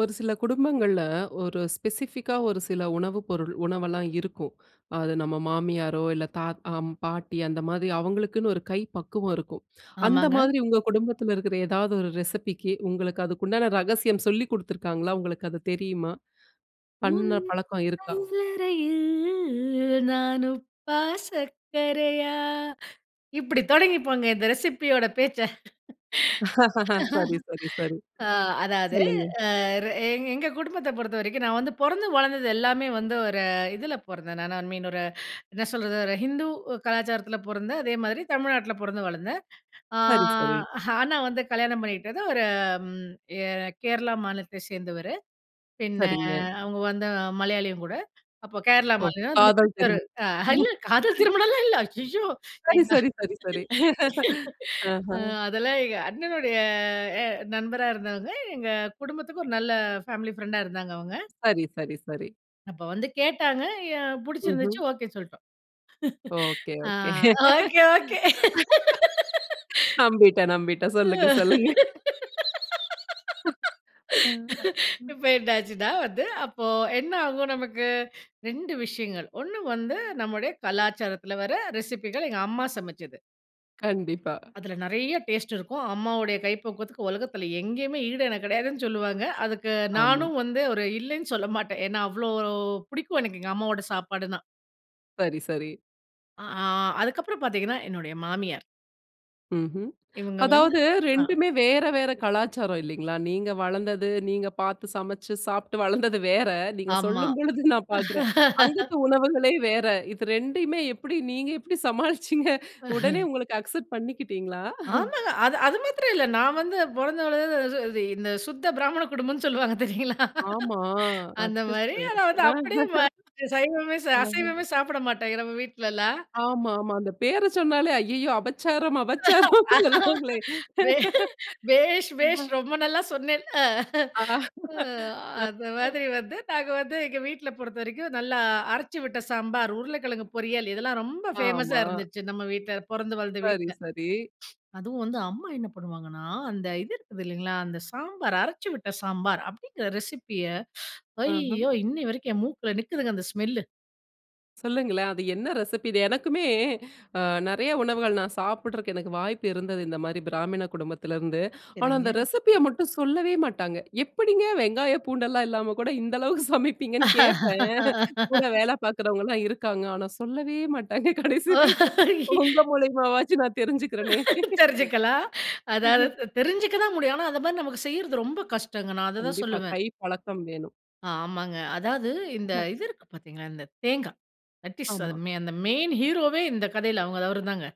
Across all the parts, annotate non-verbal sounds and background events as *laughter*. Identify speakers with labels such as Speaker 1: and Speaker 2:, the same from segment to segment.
Speaker 1: ஒரு சில குடும்பங்கள்ல, ஒரு ஸ்பெசிஃபிக்கா ஒரு சில உணவு பொருள் உணவெல்லாம் இருக்கும். அது நம்ம மாமியாரோ, இல்ல தாத்த அம் பாட்டி அந்த மாதிரி அவங்களுக்குன்னு ஒரு கை பக்குவம் இருக்கும். அந்த
Speaker 2: ஆமாங்க.
Speaker 1: மாதிரி உங்க குடும்பத்தில இருக்கிற ஏதாவது ஒரு ரெசிபிக்கு உங்களுக்கு அதுக்கு உண்டான ரகசியம் சொல்லிக் குடுத்துருக்காங்களா? உங்களுக்கு அது தெரியுமா?
Speaker 2: "உன்
Speaker 1: பண்ண பழக்கம் இருக்கா?
Speaker 2: சமயலறையில் நான் உப்பா? சக்கரையா?" இப்படி தொடங்கிப்போங்க இந்த ரெசிபி யோட பேச்ச.
Speaker 1: சரி சரி சரி.
Speaker 2: *laughs* அ, அதாவது
Speaker 1: சொல்லுங்க.
Speaker 2: அ ர எங் எங்க குடும்பத்த பொறுத்தவரைக்கும் நான் வந்து பொறந்து வளர்ந்தது எல்லாமே வந்து ஒரு இதில பொறந்தேன். நான் ஐ மீன் ஒரு என்ன சொல்றது ஒரு ஹிந்து கலாச்சாரத்தில பொறந்தேன். அதே மாதிரி தமிழ்நாட்டில பொறந்து, வளர்ந்தேன். அ.
Speaker 1: சரி, சரி.
Speaker 2: ஆனா, வந்து கல்யாணம் பண்ணிகிட்டது ஒரு, ம். எ கேரளா மாநிலத்தைச் சேர்ந்தவரு. பின்ன
Speaker 1: சரிங்க.
Speaker 2: அவங்க வந்து மலையாளியும் கூட, அப்ப கேரளா
Speaker 1: ஓ!
Speaker 2: மாநிலம்,
Speaker 1: காதல்
Speaker 2: கிறிஸ்தவர்
Speaker 1: திரு
Speaker 2: அ இல்ல காதல்
Speaker 1: *chuckles*
Speaker 2: திருமணம்லாம் இல்ல. ஐய்யய்யோ!
Speaker 1: சரி சரி சரி சரி. *chuckles* அஹ!
Speaker 2: அதெல்லாம் எங்க அண்ணனுடைய எ நண்பரா இருந்தவங்க. எங்க குடும்பத்துக்கு ஒரு நல்ல பேமிலி பிரெண்டா இருந்தாங்க அவங்க.
Speaker 1: சரி சரி சரி.
Speaker 2: அப்ப வந்து கேட்டாங்க. என் புடிச்சிருந்துச்சு,
Speaker 1: ம்ஹ்ம்.
Speaker 2: ஒகே சொல்டோம்.
Speaker 1: ஒகே
Speaker 2: அ,
Speaker 1: ஒகே. *laughs*
Speaker 2: Okay okay!
Speaker 1: நம்பிட்டேன், நம்பிட்டேன். சொல்லுங்க சொல்லுங்க! *chuckles*
Speaker 2: *laughs*
Speaker 1: அ, ம்.
Speaker 2: இப்ப என்னாச்சுன்னா வந்து, அப்போ என்ன ஆகும் நமக்கு? 2 விஷயங்கள். 1 வந்து நம்முடைய கலாச்சாரத்தில வர ரெசிபிகள். எங்க அம்மா சமைச்சது.
Speaker 1: கண்டிப்பா.
Speaker 2: அதில நெறைய டேஸ்ட் இருக்கும். அம்மாவோட கைப்பக்குவத்துக்கு உலகத்தில எங்கேயுமே ஈடு எனக்கு கெடையாதுன்னு சொல்லுவாங்க. அதுக்கு
Speaker 1: ஆமா.
Speaker 2: நானும் வந்து, ஒரு இல்லன்னு சொல்ல மாட்டேன். ஏன்னா அவ்ளோ பிடிக்கும் எனக்கு. எங்க அம்மாவோட சாப்பாடுனா!
Speaker 1: சரி, சரி.
Speaker 2: அ ஆ, அதுக்கப்புறம் பாத்தீங்கன்னா என்னுடைய மாமியார்!
Speaker 1: ம்ஹ்ம்.
Speaker 2: இவுங்க வந்து
Speaker 1: அதாவது,
Speaker 2: அ.
Speaker 1: 2மே வேற, வேற கலாச்சாரம் இல்லைங்களா? நீங்க வளந்தது நீங்க பாத்து சமைச்சு சாப்பிட்டு வளந்தது வேற! நீங்க
Speaker 2: ஆமா.
Speaker 1: சொல்லும் பொழுது நான் பாக்கிறேன். அங்கத்து
Speaker 2: *laughs*
Speaker 1: உணவுகளே வேற. இது 2மே எப்படி நீங்க எப்படி சமாளிச்சீங்க? உடனே
Speaker 2: *chuckles*
Speaker 1: உங்களுக்கு அக்செப்ட் பண்ணிக்கிட்டீங்களா? *chuckles*
Speaker 2: ஆமாங்க! அது அது மாத்திரம் இல்ல. நான் வந்து பொறந்து வளந்தது இது இந்த, சுத்த பிராமண குடும்பம்னு சொல்லுவாங்க தெரியுங்களா?
Speaker 1: ஆமா.
Speaker 2: அந்த மாரி.
Speaker 1: அச்சச்சோ.
Speaker 2: ஆனா வந்து அப்படியே
Speaker 1: *chuckles*
Speaker 2: மாறிட்டேன். சைவமே சா
Speaker 1: அஹ.
Speaker 2: அசைவமே சாப்பிட மாட்டாய்ங்க நம்ம வீட்லலாம்.
Speaker 1: ஆமாமா. அந்த பேர சொன்னாலே, ஐய்யயோ அபச்சாரம் அபச்சாரம்! சொல்லுவாங்களே!
Speaker 2: பே பேஷ் பேஷ்
Speaker 1: *chuckles*
Speaker 2: ரொம்ப நல்லா சொன்னேல்! அ,
Speaker 1: அ.
Speaker 2: அ அந்த மாதிரி வந்து நாங்க வந்து எங்க வீட்ல பொறுத்த வரைக்கும், நல்லா அரைச்சு விட்ட சாம்பார். உருளைக்கிழங்கு பொரியல். இதெல்லாம் ரொம்ப ஃபேமஸா
Speaker 1: ஆமா.
Speaker 2: இருந்துச்சு. நம்ம வீட்ல பொறந்து வளந்த
Speaker 1: சரி,
Speaker 2: வீட்ல.
Speaker 1: சரி.
Speaker 2: அதுவும் வந்து அம்மா என்ன பண்ணுவாங்கன்னா, அந்த இது இருக்குது இல்லைங்களா, அந்த சாம்பார் அரைச்சு விட்ட சாம்பார் அப்படிங்கிற ரெசிபிய
Speaker 1: அஹ்ம்
Speaker 2: ஐய்யோ! இன்னை வரைக்கும் என் மூக்குல நிக்குதுங்க அந்த ஸ்மெல்லு!
Speaker 1: சொல்லுங்களேன். அது என்ன ரெசிபி? இத எனக்குமே அ, நெறய உணவுகள், நான் சாப்பிட்றக்கு எனக்கு வாய்ப்பு இருந்தது, இந்த மாரி பிராமின குடும்பத்திலருந்து. ஆனா, அந்த
Speaker 2: சரிங்க.
Speaker 1: ரெசிப்பிய மட்டும் சொல்லவே மாட்டாங்க. எப்படிங்க, வெங்காயம், பூண்டெல்லாம் இல்லாம கூட, இந்த அளவுக்கு சமைப்பீங்கன்னு கேப்பேன். கூட வேல பாக்குறவங்கலாம் இருக்காங்க. ஆனா, சொல்லவே மாட்டாங்க, கடைசி வரைக்கும். உங்க
Speaker 2: *laughs*
Speaker 1: மூலியமாவாச்சும், நான் தெரிஞ்சுக்கிறேனே!
Speaker 2: தெரிஞ்சுக்கலாம். அதாவது
Speaker 1: *chuckles*
Speaker 2: த தெரிஞ்சுக்க தான் முடியும். ஆனா, அத மாரி நமக்கு செய்றது, ரொம்ப கஷ்டங்க! நான் அததா
Speaker 1: கண்டிப்பா.
Speaker 2: சொல்லுவேன்.
Speaker 1: கை பழக்கம் வேணும்.
Speaker 2: ஆமாங்க. அதாவது இந்த இது இருக்கு பாத்தீங்களா, இந்த தேங்கா. தட் இஸ் அது,
Speaker 1: ஆமா.
Speaker 2: அந்த மெயின் ஹீரோவே இந்த கதையில, அவங்க அவருதாங்க.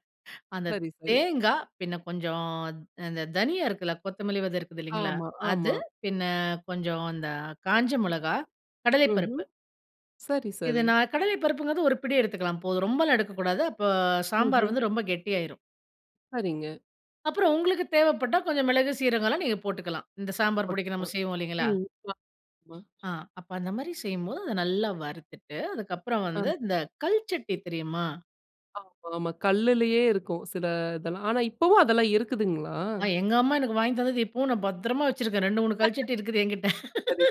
Speaker 2: அந்த
Speaker 1: சரி, சரி.
Speaker 2: தேங்கா, பின்ன கொஞ்சம் அ, அந்த தனியா இருக்குல்ல, கொத்தமல்லி விதை இருக்குதில்லைங்களா?
Speaker 1: ஆமா,
Speaker 2: அது,
Speaker 1: ஆமா.
Speaker 2: பின்ன கொஞ்சம் அந்த காஞ்ச மொளகா,
Speaker 1: ம்ஹ்ம்.
Speaker 2: கடலைப்பருப்பு.
Speaker 1: சரி,
Speaker 2: இது
Speaker 1: சரி.
Speaker 2: நா கடலை பருப்புங்கிறது ஒரு பிடி எடுத்துக்கலாம், போதும். ரொம்பலா எடுக்கக்கூடாது. அப்ப சாம்பார்
Speaker 1: ம்ஹ்ம்.
Speaker 2: வந்து ரொம்ப கெட்டியாயிரும்.
Speaker 1: சரிங்க.
Speaker 2: அப்புறம், உங்களுக்கு தேவைப்பட்டா, கொஞ்சம் மிளகு சீரகலாம், நீங்க போட்டுக்கலாம். இந்த சாம்பார் பொடிக்கு, நம்ம
Speaker 1: போட்டுக்கலாம்.
Speaker 2: செய்வோம். இல்லைங்களா?
Speaker 1: ம், அ ஆமா.
Speaker 2: அ, அப்ப அந்த மாரி செய்யும்போது, அத நல்லா வறுத்துட்டு, அதுக்கப்புறம்
Speaker 1: அ.
Speaker 2: வந்து, இந்த கல் சட்டி தெரியுமா?
Speaker 1: ஆமா ஆமா கல்லுலயே இருக்கும். சில இதெல்லாம் ஆனா, இப்பவும் அதெல்லாம் இருக்குதுங்களா?
Speaker 2: அ, எங்க அம்மா எனக்கு வாங்கித்தந்தது இப்பவும் நான் பத்திரமா வச்சுருக்கேன் 2,3 கல் சட்டி இருக்குது என்கிட்ட.
Speaker 1: *laughs* சரிங்க.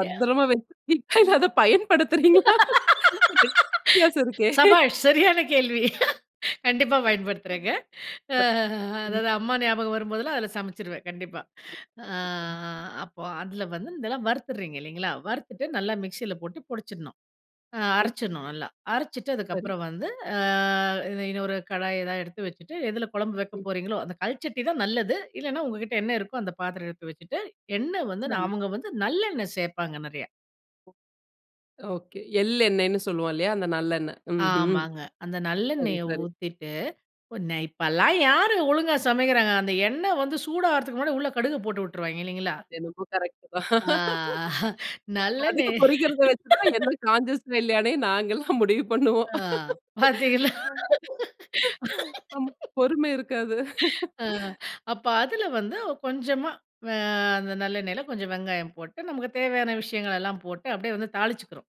Speaker 2: *chuckles*
Speaker 1: வச்சுருக்கீங்களா?
Speaker 2: ம்.
Speaker 1: அத பயன்படுத்துறீங்களா?
Speaker 2: *laughs*
Speaker 1: வித்தியாசம் இருக்கே.
Speaker 2: சபாஷ் சரியான கேள்வி! கண்டிப்பா பயன்படுத்துறேங்க. அ,
Speaker 1: *laughs* ம்.
Speaker 2: அதாவது அம்மா ஞாபகம் வரும்போதெல்லாம், அதில சமைச்சிருவேன் கண்டிப்பா. அ
Speaker 1: கண்டிப்பா.
Speaker 2: அப்போ, அதில வந்து இதெல்லாம் வறுத்துறீங்க இல்லைங்களா? வறுத்துட்டு நல்லா
Speaker 1: ஆமாங்க.
Speaker 2: மிக்ஸில போட்டு பொடிச்சிடணும். அ
Speaker 1: ம்.
Speaker 2: அரைச்சிடணும். நல்லா. அரைச்சுட்டு
Speaker 1: சரி.
Speaker 2: அதுக்கப்புறம் வந்து, அ இன்னொரு கடாய் ஏதாவது எடுத்து வச்சுட்டு, எதில குழம்பு வைக்க
Speaker 1: ம்.
Speaker 2: போறீங்களோ, அந்த கல்ச்சட்டி தான் நல்லது. இல்லன்னா உங்க கிட்ட என்ன இருக்கோ அந்த பாத்திரம் எடுத்து வச்சுட்டு, எண்ணெய் வந்து
Speaker 1: சரி.
Speaker 2: அவங்க வந்து நல்லெண்ணெய் சேர்ப்பாங்க நிறையா.
Speaker 1: ஓகே, எள்ளெண்ணெய்ன்னு சொல்லுவோம் இல்லையா? அந்த நல்லெண்ணெய். ம்ஹ்ம்
Speaker 2: ஆமாங்க. அந்த
Speaker 1: சரி
Speaker 2: நல்லெண்ணெய
Speaker 1: சரி.
Speaker 2: ஊத்திட்டு உன இப்பலாம் யாரு ஒழுங்கா சமைக்கிறாங்க. அந்த எண்ணெய் வந்து சூடாகறதுக்கு முன்னாடி, உள்ள கடுகு போட்டு வுட்டுருவாய்ங்க இல்லைங்களா?
Speaker 1: அது என்னமோ கரெக்ட் தான்.
Speaker 2: அ அஹ.
Speaker 1: *laughs*
Speaker 2: நல்லனே
Speaker 1: கடுகு பொறிக்கிறத வச்சு தான் என்ன
Speaker 2: *laughs*
Speaker 1: கான்ஷியஸ் இல்லையானே நாங்கள்லாம் முடிவு பண்ணுவோம்.
Speaker 2: அ, பாத்தீங்களா.
Speaker 1: அ
Speaker 2: *laughs*
Speaker 1: பொறும இருக்காது.
Speaker 2: அ, அப்ப அதில வந்து கொஞ்சமா, வ அந்த நல்லெண்ணெயில கொஞ்சம் வெங்காயம் போட்டு, நமக்கு தேவையான விஷயங்களெல்லாம் போட்டு, அப்படியே வந்து தாளிச்சுக்கிறோம்.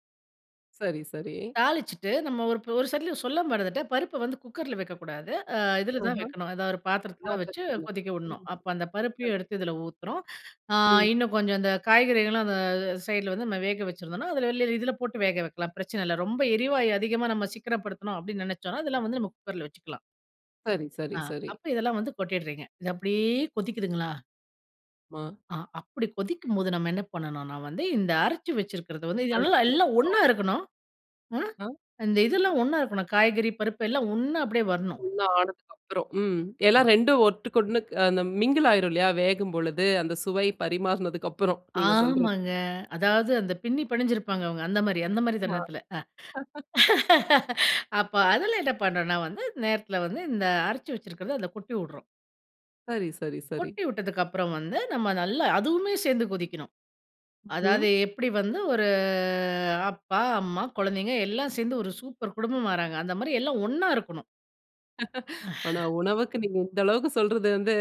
Speaker 1: சரி, சரி.
Speaker 2: தாளிச்சுட்டு, நம்ம ஒரு ஒரு சைட்டில சொல்ல மறந்துட்டேன்! பருப்ப வந்து குக்கர்ல வெக்கக்கூடாது. அ இதில
Speaker 1: அஹ!
Speaker 2: தான் வைக்கணும். எதாவது ஒரு பாத்திரத்தில தான் வச்சு,
Speaker 1: பாத்தரத்துல,
Speaker 2: கொதிக்க உடணும்.
Speaker 1: ம்.
Speaker 2: அப்ப அந்த
Speaker 1: சரி.
Speaker 2: பருப்பையும் எடுத்து இதில ஊத்துறோம். அ
Speaker 1: ம்.
Speaker 2: இன்னும் கொஞ்சம் அந்த காய்கறிகள்லாம் அந்த அ சைடுல வந்து நம்ம வேக வச்சிருந்தோம்னா, அதுல வெளில இதில போட்டு வேக வைக்கலாம். பிரச்சனை இல்ல. ரொம்ப எரிவாயு அதிகமா நம்ம சிக்கனப்படுத்தணும் அப்படின்னு நினைச்சோம்னா அதெல்லாம் வந்து நம்ம குக்கர்ல வச்சுக்கலாம்.
Speaker 1: சரி, சரி,
Speaker 2: அ.
Speaker 1: சரி.
Speaker 2: அப்ப இதெல்லாம் வந்து கொட்டிடுறீங்க! இத அப்படியே கொதிக்குதுங்கலா?
Speaker 1: ஆமா.
Speaker 2: அ அப்படி கொதிக்கும்போது நம்ம என்ன பண்ணணும்ன்னா வந்து, இந்த அரைச்சு வச்சுருக்கறத வந்து, நல்லா
Speaker 1: அதுக்கு
Speaker 2: எல்லாம்
Speaker 1: அவு
Speaker 2: ஒன்னா இருக்கணும். அ,
Speaker 1: ம்.
Speaker 2: இந்த இதெல்லாம் ஒன்னா இருக்கணும். காய்கறி, பருப்பு எல்லாம் ஒன்னா அப்படியே வரணும்.
Speaker 1: ஒண்ணா ஆனதுக்கப்பறம்! ம். எல்லாம் 2ம் ஒட்டுக்கு 1 மிங்கிள் ஆயிரும் இல்லையா? வேகும் பொழுது, அந்த சுவை பரிமாறினதுக்கு அப்புறம். நீங்க சொல்றது.
Speaker 2: ஆமாங்க. அதாவது அந்த பின்னி பெணஞ்சு இருப்பாங்க. அந்த மாரி அந்த மாரி
Speaker 1: மா
Speaker 2: தருணத்தில.
Speaker 1: *chuckles*
Speaker 2: *chuckles* அப்ப அதில என்ன பண்ணும்ன்னா வந்து, நேரத்தில வந்து, இந்த அரைச்சி வச்சிருக்கிறது அதை கொட்டி உட்றோம்.
Speaker 1: சரி, சரி, சரி.
Speaker 2: கொட்டி உட்டதுக்கப்புறம் வந்து, நம்ம நல்லா அதுவுமே சேர்ந்து கொதிக்கணும்.
Speaker 1: ம்ஹ்ம்.
Speaker 2: அதாவது எப்படி வந்து ஒரு அப்பா, அம்மா, குழந்தைகள் எல்லாம் சேர்ந்து ஒரு சூப்பர் குடும்பமாறாங்க, அந்த மாதிரி எல்லாம் ஒண்ணா இருக்கணும்!
Speaker 1: *chuckles* ஆனா உணவுக்கு நீங்க இந்த அளவுக்கு சொல்றது வந்து,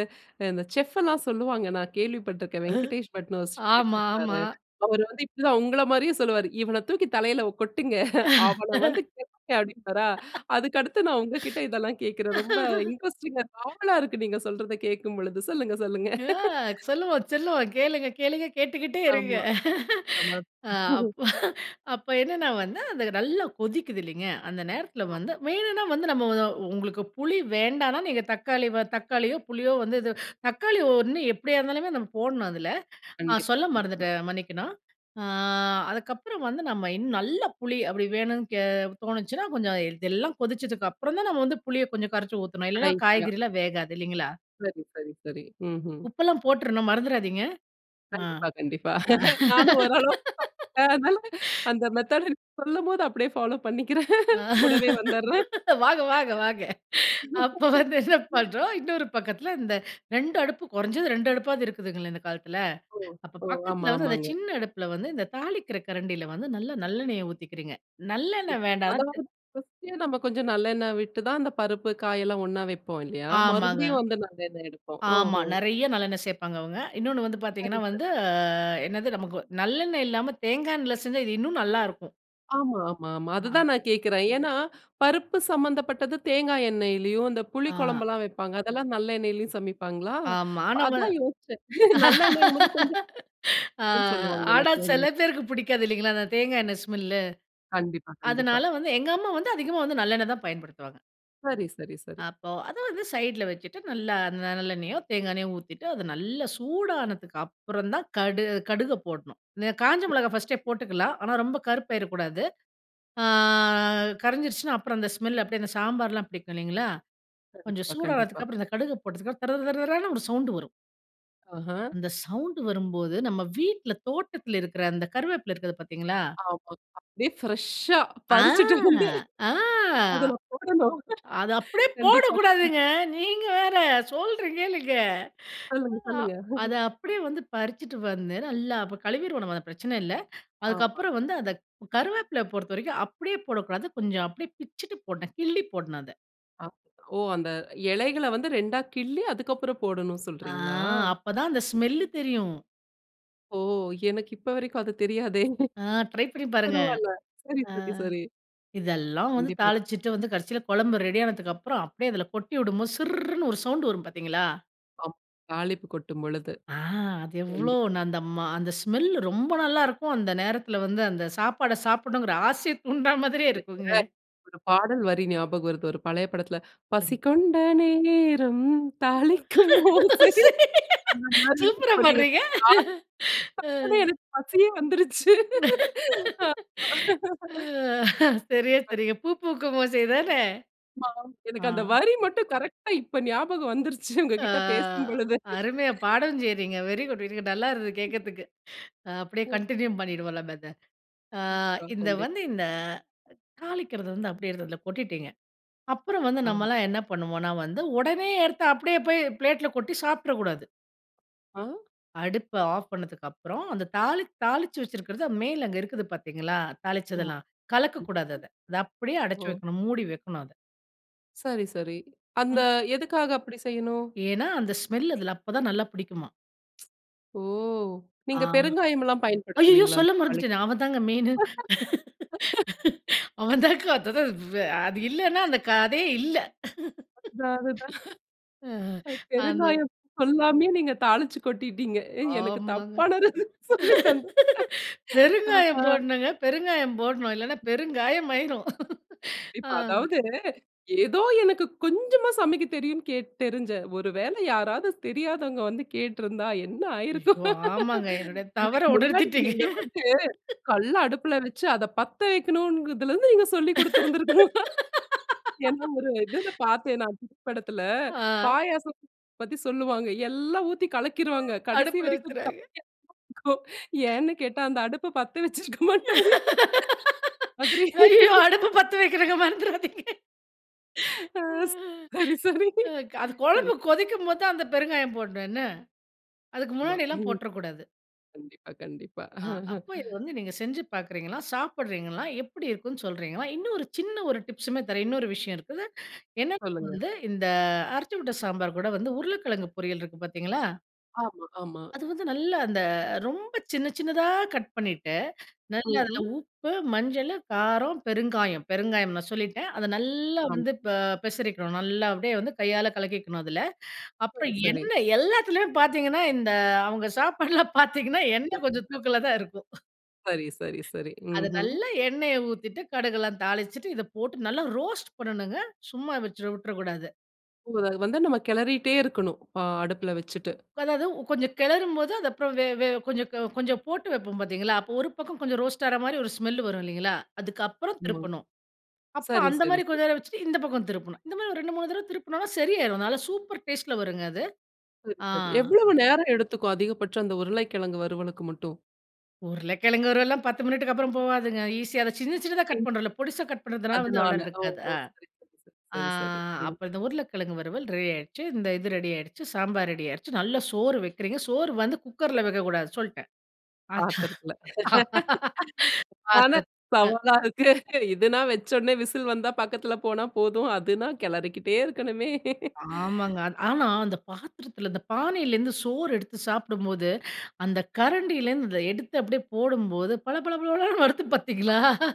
Speaker 1: இந்த செஃப்லாம் சொல்லுவாங்க. நான் கேள்விப்பட்ருக்கேன். 'வெங்கடேஷ் பட்னு' ஒரு செஃப்
Speaker 2: ஆமா,
Speaker 1: இருப்பாரு.
Speaker 2: ஆமா.
Speaker 1: அவரு வந்து இப்டி தான் உங்கள மாரியே சொல்லுவாரு. "இவன தூக்கி தலையில ஒ கொட்டுங்க. அவன வந்து கேட்டு" அப்டின்பாரா, அதுக்கடுத்து நான்
Speaker 2: *laughs*
Speaker 1: உங்ககிட்ட இதெல்லாம் கேட்குறேன்.
Speaker 2: *breath*
Speaker 1: ரொம்ப இன்ட்ரஸ்டிங்கா
Speaker 2: *laughs*
Speaker 1: ஆவலா இருக்கு நீங்க சொல்றத கேட்கும் பொழுது! சொல்லுங்க, சொல்லுங்க.
Speaker 2: அ,
Speaker 1: *laughs*
Speaker 2: சொல்லுவோம், சொல்லுவோம் கேளுங்க, கேளுங்க கேட்டுக்கிட்டே இருங்க.
Speaker 1: ஆமா.
Speaker 2: அ. அப்,
Speaker 1: *chuckles*
Speaker 2: அப்ப என்னன்னா வந்து, அது நல்லா கொதிக்குது இல்லங்க? அந்த நேரத்துல
Speaker 1: அ.
Speaker 2: வந்து வேணுனா வந்து நம்ம ஒ உங்களுக்கு புளி வேண்டான்னா, நீங்க தக்காளி வ தக்காளியோ புளியோ வந்து இது தக்காளி ஒண்ணு எப்டியா இருந்தாலுமே நம்ம போடணும் அதுல, நான்
Speaker 1: கண்டிப்பா,
Speaker 2: சொல்ல
Speaker 1: கண்டிப்பா.
Speaker 2: மறந்துட்டேன் மன்னிக்கணும். அ அதுக்கப்பறம் வந்து நம்ம இன்னும் நல்ல புளி அப்டி வேணும் கே தோணுச்சுனா கொஞ்சம் இதெல்லாம் கொதிச்சதுக்கு அப்பறம் தான் நம்ம வந்து புளிய கொஞ்சம் கரைச்சி ஊத்தணும். இல்லன்னா
Speaker 1: கடைசியா.
Speaker 2: காய்கறிலா வேகாது. இல்லங்களா?
Speaker 1: சரி சரி சரி. ம்ஹ்ம்.
Speaker 2: உப்பெல்லாம் போட்றணும் மறந்துறாதீங்க! அ.
Speaker 1: கண்டிப்பா, கண்டிப்பா.
Speaker 2: அ.
Speaker 1: நானும் ஓரளவுக்கு *unintelligible* அதனால,
Speaker 2: *laughs*
Speaker 1: அந்த மெத்தட் எனக்கு சொல்லும்போது அப்டியே ஃபாலோ பண்ணிக்கிறேன்.
Speaker 2: அ.
Speaker 1: *chuckles* கூடவே வந்துறேன்.
Speaker 2: வாங்க வாங்க வாங்க!
Speaker 1: *gasps*
Speaker 2: அப்ப
Speaker 1: *chuckles*
Speaker 2: வந்து என்ன
Speaker 1: *breath*
Speaker 2: பண்றோம், இன்னொரு பக்கத்துல இந்த 2 அடுப்பு குறைஞ்சது 2 அடுப்பாவது இருக்குதுங்கள இந்த காலத்துல?
Speaker 1: ஓ,
Speaker 2: அப்ப
Speaker 1: ஓ. ஆமா,
Speaker 2: பக்கத்துல வந்து அந்த
Speaker 1: ஆமாங்க.
Speaker 2: சின்ன அடுப்புல வந்து, இந்த தாளிக்கற கரண்டில வந்து நல்ல நல்லெண்ணெய ஊத்திக்கிறீங்க. நல்லெண்ணெ வேண்டானா
Speaker 1: அதாவது ஃபர்ஸ்ட்டே நம்ம கொஞ்சம் நல்லெண்ணெய் விட்டு தான் அந்த பருப்பு, காயெல்லாம் ஒண்ணா வைப்போம் இல்லயா,
Speaker 2: ஆமாங்க.
Speaker 1: மறுபடியும் வந்து நல்லெண்ணெய் எடுப்போம்,
Speaker 2: ஆமா!
Speaker 1: ஓஹோ.
Speaker 2: நிறையா நல்லெண்ணெய் சேப்பாங்க அவங்க. இன்னொன்னு வந்து
Speaker 1: சரி,
Speaker 2: பாத்தீங்கன்னா
Speaker 1: சரி.
Speaker 2: வந்து அ என்னது, நமக்கு நல்லெண்ணெய் இல்லாம தேங்காய் எண்ணெயில செஞ்சா, இன்னும் நல்லா இருக்கும்!
Speaker 1: ஆமா, ஆமா, ஆமா.
Speaker 2: அ.
Speaker 1: அதுதான் நான் கேட்கிறேன். ஏன்னா பருப்பு சம்மந்தப்பட்டது, தேங்காய் எண்ணெயிலேயும், இந்த புளி
Speaker 2: அ.
Speaker 1: குழம்புலாம் வைப்பாங்க, அதெல்லாம் நல்லெண்ணெயிலேயும் சமைப்பாங்களா!
Speaker 2: ஆமா, மாணவ
Speaker 1: அதான் யோசிச்சேன், *chuckles* நல்லெண்ணெய்யும்போது கொஞ்சம்
Speaker 2: *laughs* அ,
Speaker 1: சொல்லுவாங்க
Speaker 2: ஆனா,
Speaker 1: எல்லாத்துலயுமே.
Speaker 2: சில பேருக்கு பிடிக்காது இல்லிங்களா? அந்த தேங்காய் எண்ணெய் ஸ்மெல்.
Speaker 1: கண்டிப்பா, கண்டிப்பா.
Speaker 2: அதனால வந்து எங்க அம்மா வந்து அதிகமா வந்து நல்லெண்ணெய் தான் பயன்படுத்துவாங்க.
Speaker 1: சரி, சரி, சரி.
Speaker 2: அப்போ, அத வந்து சைடுல வச்சுட்டு. நல்லா அந்த நல்லெண்ணயோ, தேங்காய் எண்ணெயோ, ஊத்திட்டு, அது நல்லா சூடானதுக்கு அப்புறம் தான் கடு கடுக போடணும். இந்த காஞ்ச மிளகாய் ஃபர்ஸ்ட்டே போட்டுக்கலாம். ஆனா ரொம்ப கருப்பாயிரகூடாது. அ கரைஞ்சிருச்சுனா, அப்புறம் அந்த ஸ்மெல் அப்படியே அந்த சாம்பார்லாம் பிடிக்கும் இல்லைங்களா, கொஞ்சம்
Speaker 1: கண்டிப்பா, கண்டிப்பா.
Speaker 2: சூடானதுக்கு அப்புறம், இந்த கடுக போட்டதுக்கு தர, தர, தர, தரன்னு ஒரு சவுண்டு வரும்.
Speaker 1: அஹ.
Speaker 2: அந்த சவுண்ட் வரும்போது, நம்ம வீட்ல, தோட்டத்தில இருக்கற அந்த கருவேப்பிலை இருக்குது பார்த்தீங்களா?
Speaker 1: ஆமா, அப்படியே ஃப்ரஷா
Speaker 2: அ,
Speaker 1: பறிச்சிட்டு வந்து
Speaker 2: அ.
Speaker 1: அதுல போடணும்.
Speaker 2: அத அப்படியே
Speaker 1: கண்டிப்பா. ம்.
Speaker 2: போடக்கூடாதுங்க. நீங்க வேற, சொல்றேன் கேளுங்க.
Speaker 1: சொல்லுங்க சொல்லுங்க.
Speaker 2: *breath* அத அப்படியே வந்து பறிச்சுட்டு வந்து நல்லா கழுவிருவோம் நம்ம, பிரச்சன இல்ல.
Speaker 1: ஆமா.
Speaker 2: அதுக்கப்புறம் வந்து அத கருவேப்பிலை பொறுத்தவரைக்கும் அப்படியே போடக்கூடாது. கொஞ்சம் அப்படியே பிச்சுட்டு போடணும், கிள்ளி போடணும் அத.
Speaker 1: அ, ஓ அந்த இலைகள வந்து 2டா கிள்ளி, அதுக்கு அப்புறம் போடணும்
Speaker 2: அ
Speaker 1: சொல்றீங்களா?
Speaker 2: அப்பதான் அந்த ஸ்மெல்லு தெரியும்.
Speaker 1: ஓ! எனக்கு இப்ப வரைக்கும் அது தெரியாதே!
Speaker 2: அ ட்ரை பண்ணி பாருங்க.
Speaker 1: பரவால்ல. சரி,
Speaker 2: அ
Speaker 1: சரி, சரி!
Speaker 2: இதெல்லாம் வந்து
Speaker 1: கண்டிப்பா.
Speaker 2: தாளிச்சிட்டு வந்து கடைசில கொழம்பு ரெடி ஆனதுக்கு அப்புறம் அப்டியே அதில கொட்டி விடும்போது சிர்ர்ருன்னு ஒரு சவுண்ட் வரும் பாத்தீங்களா?
Speaker 1: ஆமா, தாளிப்பு கொட்டும்பொழுது.
Speaker 2: அ, அது எவ்ளோ
Speaker 1: கண்டிப்
Speaker 2: நான் அந்த மா அந்த ஸ்மெல் ரொம்ப நல்லாருக்கும். அந்த நேரத்தில வந்து அந்த சாப்பாட, சாப்பிடணுங்கிற ஆசைய தூண்டுறா மாதிரியே இருக்குங்க!
Speaker 1: எனக்கு, ஒரு பாடல் வரி ஞாபகம் வருது. ஒரு பழைய படத்துல "பசி
Speaker 2: சொல்லுங்க.
Speaker 1: கொண்ட நேரம்! தாளிக்கும் ஓசை" அந்த மாரி.
Speaker 2: சூப்பரா
Speaker 1: இப்ப நீங்க
Speaker 2: பாடுறீங்க! அ.
Speaker 1: தாளிப்புனோன்ன, எனக்கு பசியே வந்துருச்சு!
Speaker 2: அ சரியா சொன்னீங்க "பூ பூக்கும் ஓசை தான!"
Speaker 1: ஆமா.
Speaker 2: அ.
Speaker 1: எனக்கு அந்த வரி மட்டும் கரெக்ட்டா இப்ப ஞாபகம் வந்துருச்சு!
Speaker 2: அ,
Speaker 1: உங்ககிட்ட பேசும் பொழுது.
Speaker 2: அருமையா
Speaker 1: *breath*
Speaker 2: பாடவும் செய்றீங்க. Very good very good. நல்லாயிருந்தது கேக்கிறதுக்கு. அ, அப்டியே கன்டினியூ பண்ணிடுவோம் நம்ம இத அ
Speaker 1: கண்டிப்பா,
Speaker 2: இந்த
Speaker 1: கண்டிப்பா.
Speaker 2: வந்து இந்த தாளிக்கிறது வந்து, அப்படியே அதுல கொட்டிட்டீங்க. அப்புறம் வந்து
Speaker 1: ஆமா.
Speaker 2: நம்மலாம் என்ன பண்ணுவோன்னா வந்து, ஒடனே எடுத்து அப்டியே போய் பிளேட்ல கொட்டி சாப்ட்ரக் கூடாது!
Speaker 1: ஆ.
Speaker 2: அடுப்ப ஆஃப் பண்ணதுக்கப்புறம் அந்த தாளி தாளிச்சு வச்சிருக்கறது மேல அங்கு இருக்குது பார்த்தீர்களா, தாளிச்சது
Speaker 1: ஆமா.
Speaker 2: எல்லாம் கலக்கக்கூடாது அத. அத அப்படியே அடைச்சு
Speaker 1: ஓ.
Speaker 2: வைக்கணும். மூடி வைக்கணும் அதை.
Speaker 1: சரி, சரி. அந்த
Speaker 2: ம்.
Speaker 1: எதுக்காக அப்படி செய்யணு?
Speaker 2: ஏன்னா, அந்த ஸ்மெல் அதில அப்போ தான் நல்லா பிடிக்குமா.
Speaker 1: ஓ!
Speaker 2: ஆ,
Speaker 1: நீங்க பெருங்காயம் எல்லாம்
Speaker 2: அய்யய்யோ
Speaker 1: பயன்படுத்துவீங்களா, அந்த
Speaker 2: சொல்ல
Speaker 1: தாளிக்க?
Speaker 2: மறந்துட்டேனே அவன் தாங்க மெயின்னு. *laughs*
Speaker 1: *laughs*
Speaker 2: அவன் தான் வ் அது இல்லனா அந்த கதையே இல்ல. *laughs*
Speaker 1: அதான் அதுதான்.
Speaker 2: அ அந்த
Speaker 1: பெருங்காயம் சொல்லாமயே நீங்க தாளிச்சு கொட்டிட்டீங்க. எனக்கு
Speaker 2: ஆமாங்க.
Speaker 1: தப்பான ரெசிப்பி சொல்லி தந்த.
Speaker 2: *laughs*
Speaker 1: *laughs* அ, அ.
Speaker 2: பெருங்காயம் போடணுங்க. பெருங்காயம் போடணும். இல்லைன்னா பெருங்காயம் ஆயிரும். *laughs*
Speaker 1: இப்ப
Speaker 2: அ.
Speaker 1: அதாவது, ஏதோ எனக்கு கொஞ்சமா சமைக்க தெரியும்னு. கே தெரிஞ்ச ஒரு வேளை யாராவது தெரியாதவங்க வந்து கேட்டிருந்தா என்ன ஆயிருக்கும்?
Speaker 2: ஐயோ! ஆமாங்க என்னுடைய
Speaker 1: *laughs* இதுக்கு
Speaker 2: தவறை
Speaker 1: முன்னாடி,
Speaker 2: உணர்த்திட்டீங்க.
Speaker 1: நீங்க வந்து
Speaker 2: *laughs*
Speaker 1: கல்ல அடுப்பில வைத்து அதை பத்த வைக்கணும்ங்கிறதுல இருந்து நீங்க சொல்லிக் கொடுத்திருந்திருக்கணும். என்ன ஒரு இதில
Speaker 2: *laughs*
Speaker 1: பார்த்தேன், நான் தமிழ் படத்தில.
Speaker 2: ஆ.
Speaker 1: பாயாசம் பத்தி சொல்லுவாங்க. எல்லாம் ஊத்தி கலக்கிருவாங்க. கடைசி
Speaker 2: அடுப்புல
Speaker 1: வரைக்கும்.
Speaker 2: வச்சுடுறாங்க.
Speaker 1: *unintelligible* இருக்கும். ஏன்னு கேட்டா, அந்த அடுப்பை பத்த வச்சிருக்க மாட்டாங்க. மாதிரி.
Speaker 2: *laughs* ஐய்யயோ!
Speaker 1: *laughs*
Speaker 2: அடுப்பு பத்த வைக்கணுங்க, மறந்துறாதீங்க.
Speaker 1: அ சரி,
Speaker 2: *laughs*
Speaker 1: சரி.
Speaker 2: அது குழம்பு
Speaker 1: கண்டிப்பா.
Speaker 2: கொதிக்கும்போதுதான் அந்த பெருங்காயம் போடணும் என்ன. அதுக்கு
Speaker 1: ஆமா.
Speaker 2: முன்னாடியெல்லாம் போட்றக்கூடாது.
Speaker 1: கண்டிப்பா கண்டிப்பா.
Speaker 2: அ. அப்போ இது
Speaker 1: *chuckles*
Speaker 2: வந்து நீங்க செஞ்சு பார்க்கிறீங்களா, சாப்பிடுறீங்களா, எப்படி இருக்குன்னு சொல்றீங்களா? இன்னும் ஒரு சின்ன ஒரு டிப்ஸ்மே தர்றேன். இன்னொரு விஷயம் இருக்குது. என்ன
Speaker 1: சொல்லுங்க.
Speaker 2: வந்து இந்த அரைச்சு விட்ட சாம்பார் கூட வந்து உருளைக்கிழங்கு பொரியல் இருக்கு பார்த்தீங்களா?
Speaker 1: ஆமா, ஆமா.
Speaker 2: அது வந்து நல்லா அந்த ரொம்ப சின்ன சின்னதா கட் பண்ணிட்டு நல்லா அதில
Speaker 1: ம்ஹும்.
Speaker 2: உப்பு, மஞ்சளு, காரம், பெருங்காயம், பெருங்காயம் நான் சொல்லிட்டேன். அத நல்லா
Speaker 1: ஆமா.
Speaker 2: வந்து ப பெசரிக்கணும், நல்லா அப்படியே வந்து கையால கலக்கிக்கணும் அதுல. அப்புறம்
Speaker 1: சரி, சரி.
Speaker 2: எண்ணெ எல்லாத்துலயும் பார்த்தீங்கன்னா, இந்த அவங்க சாப்பாடுலா பார்த்தீங்கன்னா, எண்ணெ கொஞ்சம்
Speaker 1: *unintelligible*
Speaker 2: தூக்கல தான் இருக்கும்.
Speaker 1: சரி, சரி, சரி.
Speaker 2: அத
Speaker 1: ம்ஹும்.
Speaker 2: நல்லா எண்ணெய ஊத்திட்டு கடுகு எல்லாம் தாளிச்சுட்டு, இத போட்டு நல்லா ரோஸ்ட் பண்ணணுங்க. சும்மா வெச்சு விட்ரக்கூடாது.
Speaker 1: ஓ அத வந்து நம்ம கெளறிட்டே இருக்கணும். பா அடுப்பில வெச்சுட்டு.
Speaker 2: அதாவது கொஞ்சம் கெளறும்போது அதுக்கப்புறம் வே வே கொஞ்சம் கொஞ்சம் போட்டு வெப்போம் பார்த்தீங்களா, அப்போ ஒரு பக்கம் கொஞ்சம் ரோஸ்ட் ஆகுற மாரி ஒரு ஸ்மெல் வரும் இல்லைங்களா? அதுக்கப்புறம்
Speaker 1: ஆமா.
Speaker 2: திருப்பணும். அப்புறம்
Speaker 1: சரி,
Speaker 2: அந்த
Speaker 1: சரி,
Speaker 2: மாரி கொஞ்சம்
Speaker 1: சரி.
Speaker 2: நேரம் வெச்சுட்டு இந்த பக்கம் திருப்பணும். இந்த மாரி ஒரு 2 3 தடவ திருப்பினோம்னா சரியாரும். அதனால சூப்பர் டேஸ்ட்ல வருங்க அது.
Speaker 1: சரி,
Speaker 2: ஆ.
Speaker 1: சரி எவ்வளவு நேரம் எடுத்துக்கும் அதிகபட்சம்? அந்த உருளைக்கிழங்கு வறுவலுக்கு மட்டும்.
Speaker 2: உருளக்கெழங்கு வருவலெல்லாம் 10 மினிட்டுக்கப்புறம் போவாதுங்க. ஈசியா அத சின்ன சின்னதா கட்
Speaker 1: *unintelligible*
Speaker 2: பண்றோம்ல பொடிசா கட் பண்ணுறதுனால வந்து அவ்வளோ
Speaker 1: அதுனால
Speaker 2: நேரம்
Speaker 1: ஓ.
Speaker 2: எடுக்காது. ஆ,
Speaker 1: சரி, சரி, சரி. ம்.
Speaker 2: அப்ப இந்த உருளைக்கிழங்கு வறுவல் ரெடியாடுச்சு, இந்த இது ரெடியாடுச்சு, சாம்பார் ரெடியாடுச்சு நல்லா சோறு வெக்கிறீங்க சோறு வந்து குக்கர்ல வெக்கக்கூடாது சொல்ட்டேன்.
Speaker 1: பாத்திரத்துல. *laughs*
Speaker 2: *laughs*
Speaker 1: அதான
Speaker 2: ஆதத், ஆ
Speaker 1: சவாலா இருக்கு. இதுனா வெச்ச உடனே விசில் வந்தா பக்கத்தில போனா போதும். அதுனா கெளறிக்கிட்டே இருக்கணுமே.
Speaker 2: ஆமாங்க. அ
Speaker 1: *laughs*
Speaker 2: ஆனா, அந்த பாத்திரத்தில, அந்த பானையிலிருந்து சோறு எடுத்து சாப்பிடும்போது, அந்த கரண்டில இருந்து எடுத்து அப்படியே போடும்போது பள பள பளன்னு வருது பார்த்தீங்களா?
Speaker 1: ஆமா.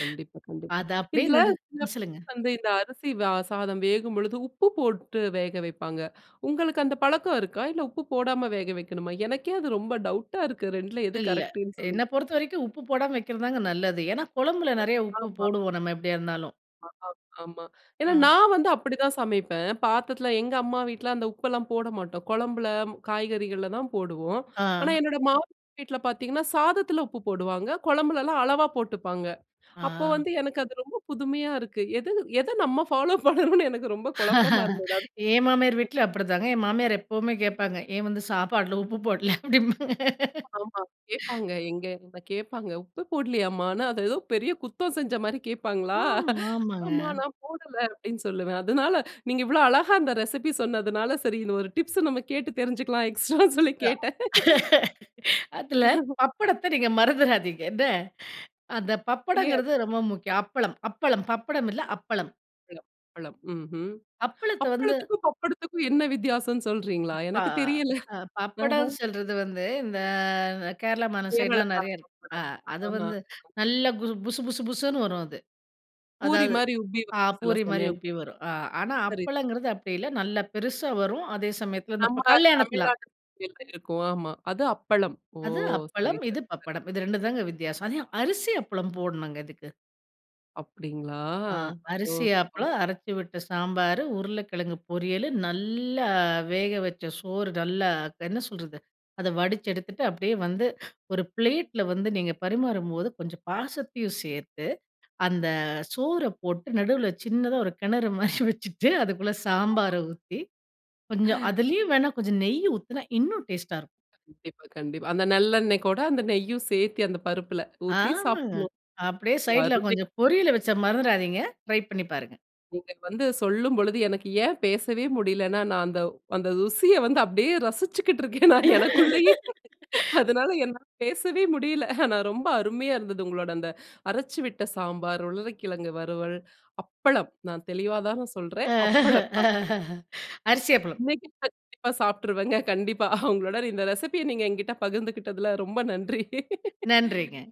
Speaker 1: கண்டிப்பா, கண்டிப்பா.
Speaker 2: அத அப்டியே
Speaker 1: இதுல
Speaker 2: நடு
Speaker 1: *unintelligible*
Speaker 2: ம் சொல்லுங்க.
Speaker 1: வந்து இந்த அரிசி சாதம் வேகும்பொழுது உப்பு போட்டு வேக வைப்பாங்க. உங்களுக்கு அந்த பழக்கம் இருக்கா? இல்ல உப்பு போடாம வேக வைக்கணுமா? எனக்கே அது ரொம்ப டவுட்டா இருக்கு. 2ல எது
Speaker 2: இல்ல.
Speaker 1: கரெக்ட்டுன்னு சொல்லி.
Speaker 2: என்ன பொறுத்த வரைக்கும் உப்பு போடாம வெக்கிறது தாங்க நல்லது. ஏனா, கொழம்புல
Speaker 1: அ,
Speaker 2: நெறைய உப்பு
Speaker 1: ஆமா.
Speaker 2: போடுவோம். நம்ம எப்டியா இருந்தாலும்.
Speaker 1: ஆ, ஆமா. ஏன்னா
Speaker 2: ஆ.
Speaker 1: நான் வந்து அப்டிதான் சமைப்பேன். பாத்தரத்தில எங்க அம்மா வீட்ல அந்த உப்பெல்லாம் போட மாட்டோம் கொழம்பில காய்கறிகள்ல தான் போடுவோம். ஆனா
Speaker 2: ஆ.
Speaker 1: என்னோடய மாமியார் வீட்ல பார்த்தீங்கன்னா, சாதத்தில உப்பு போடுவாங்க கொழம்புலலாம் அளவா போட்டுப்பாங்க. அப்போ
Speaker 2: ஆ.
Speaker 1: வந்து எனக்கு அது ரொம்ப புதுமையா இருக்கு. எது-எதை நம்ம ஃபாலோ *laughs* பண்றோம்னு எனக்கு ரொம்ப குழப்பமா
Speaker 2: *laughs*
Speaker 1: இருந்தது.
Speaker 2: ஏ மாமியார்
Speaker 1: *unintelligible*
Speaker 2: வீட்ல அப்டிதாங்க. என் மாமியார் எப்பவுமே கேட்பாங்க ஏன் வந்து சாப்பாட்டில உப்பு போடல? அப்படிம்பாங்க.
Speaker 1: ஆமா
Speaker 2: *laughs*
Speaker 1: கேட்பாங்க எங்க கேட்பாங்க உப்பு போடலையாம்மான்னு.அது ஏதோ பெரிய குத்தம் செஞ்ச மாதிரி கேட்பாங்களா?
Speaker 2: ஆமா,
Speaker 1: *chuckles*
Speaker 2: ஆமாங்க.
Speaker 1: ஆம்மா நான் போடல அப்படின்னு சொல்லுவேன். அதனால நீங்க இவ்ளோ அழகா அந்த ரெசிபி சொன்னதுனால, சரி இந்த ஒரு டிப்ஸ் நம்ம கேட்டு தெரிஞ்சுக்கலாம் எக்ஸ்ட்ரான்னு சொல்லி கேட்டேன். *laughs*
Speaker 2: *laughs* அதில
Speaker 1: *laughs*
Speaker 2: பப்படத்த நீங்க மறந்துறாதீங்க, என்ன? அந்த
Speaker 1: தெரியாது.
Speaker 2: பப்படம்ங்கிறது ரொம்ப முக்கியம். அப்பளம், அப்பளம். பப்படம் இல்ல அப்பளம்.
Speaker 1: அப்பளம் அப்பளம். ம்ஹ்ம்.
Speaker 2: அப்பளத்தை வந்து
Speaker 1: அப்பளத்துக்கும், பப்பளத்துக்கும் என்ன வித்தியாசம்னு சொல்றீங்களா?
Speaker 2: ஆ
Speaker 1: எனக்கு தெரியல. ஆஹ.
Speaker 2: பப்படம்ன்னு சொல்றது வந்து, இந்த கேரளா
Speaker 1: கேரளா
Speaker 2: மாநில சைடுலாம் நெறையா
Speaker 1: *unintelligible*
Speaker 2: இருக்கு. அ
Speaker 1: பப்டம்.
Speaker 2: அது
Speaker 1: ஆமா.
Speaker 2: வந்து நல்லா, புசு புசு புசுன்னு வரும் அது.
Speaker 1: பூரி
Speaker 2: அதாவது,
Speaker 1: மாதிரி உப்பி சில
Speaker 2: அ
Speaker 1: சமயம். சில
Speaker 2: பூரி மாரி
Speaker 1: சமயம்.
Speaker 2: உப்பி வரும். ஆனா
Speaker 1: சரி.
Speaker 2: அப்பளங்கிறது அப்டி இல்ல. நல்லா பெருசா வரும். அதே சமயத்தில இந்த
Speaker 1: நம்ம
Speaker 2: இப்போ கல்யாணத்தில
Speaker 1: தமிழ்நாட்டு *unintelligible* இருக்கும். ஆமா. அது அப்பளம். ஓ.
Speaker 2: அது
Speaker 1: சரி,
Speaker 2: அப்பளம்.
Speaker 1: சரி.
Speaker 2: இது பப்படம் இது 2 ம் தான் வித்தியாசம். அது அரிசி அப்பளம் போடணும் இதுக்கு.
Speaker 1: அப்படிங்களா?
Speaker 2: ஆ அரிசி
Speaker 1: ஓஹோ!
Speaker 2: அப்பளம், அரைச்சு விட்ட சாம்பார், உருளைக்கிழங்கு பொரியல், நல்ல வேக வச்ச சோறு. நல்லா என்ன சொல்றது அதை வடிச்சு எடுத்துட்டு அப்டியே வந்து ஒரு பிளேட்டில வந்து நீங்க பரிமாறும்போது, கொஞ்சம் பாசத்தையும் சேர்த்து அந்த சோறு போட்டு நடுவில சின்னதா ஒரு கிணறு மாதிரி வச்சுட்டு, அதுக்குள்ளே
Speaker 1: *unintelligible*
Speaker 2: சாம்பாரை ஊத்தி கொஞ்சம்
Speaker 1: *laughs*
Speaker 2: அதுலயும் வேண்ணா கொஞ்சம் நெய் ஊத்தினா இன்னும் டேஸ்ட்டா இருக்கும்.
Speaker 1: கண்டிப்பா, கண்டிப்பா. அந்த நல்லெண்ணெய் கூட அந்த நெய்யும் சேர்த்து அந்த பருப்பில ஊத்தி
Speaker 2: ஆமாங்க.
Speaker 1: சாப்பிடணும்.
Speaker 2: அப்டியே சைடுல
Speaker 1: வருவி.
Speaker 2: கொஞ்சம் பொரியலை வச்சா, மறந்துடாதீங்க ட்ரை பண்ணி பாருங்க.
Speaker 1: நீங்க வந்து சொல்லும்பொழுது எனக்கு ஏன் பேசவே முடியலைன்னா, நான் அந்த அந்த ருசியை வந்து அப்டியே ரசிச்சுக்கிட்டு இருக்கேன் நான் எனக்குள்ளயே.
Speaker 2: *laughs*
Speaker 1: அதனால என்னால பேசவே முடியல. ஆனா ரொம்ப அருமையா இருந்தது உங்களோட அந்த அரைச்சு விட்ட சாம்பார், உருளைக்கிழங்கு வறுவல், அப்பளம். நான் தெளிவா தான சொல்றேன், அப்பளம்.
Speaker 2: *laughs* அரிசி அப்பளம்.
Speaker 1: இன்னைக்கி கண்டிப்பா சாப்பிட்டுருவேங்க கண்டிப்பா, *chuckles* உங்களோட இந்த ரெசிபி ய நீங்க என்கிட்ட பகிர்ந்துக்கிட்டதில ரொம்ப நன்றி. *laughs*
Speaker 2: நன்றிங்க.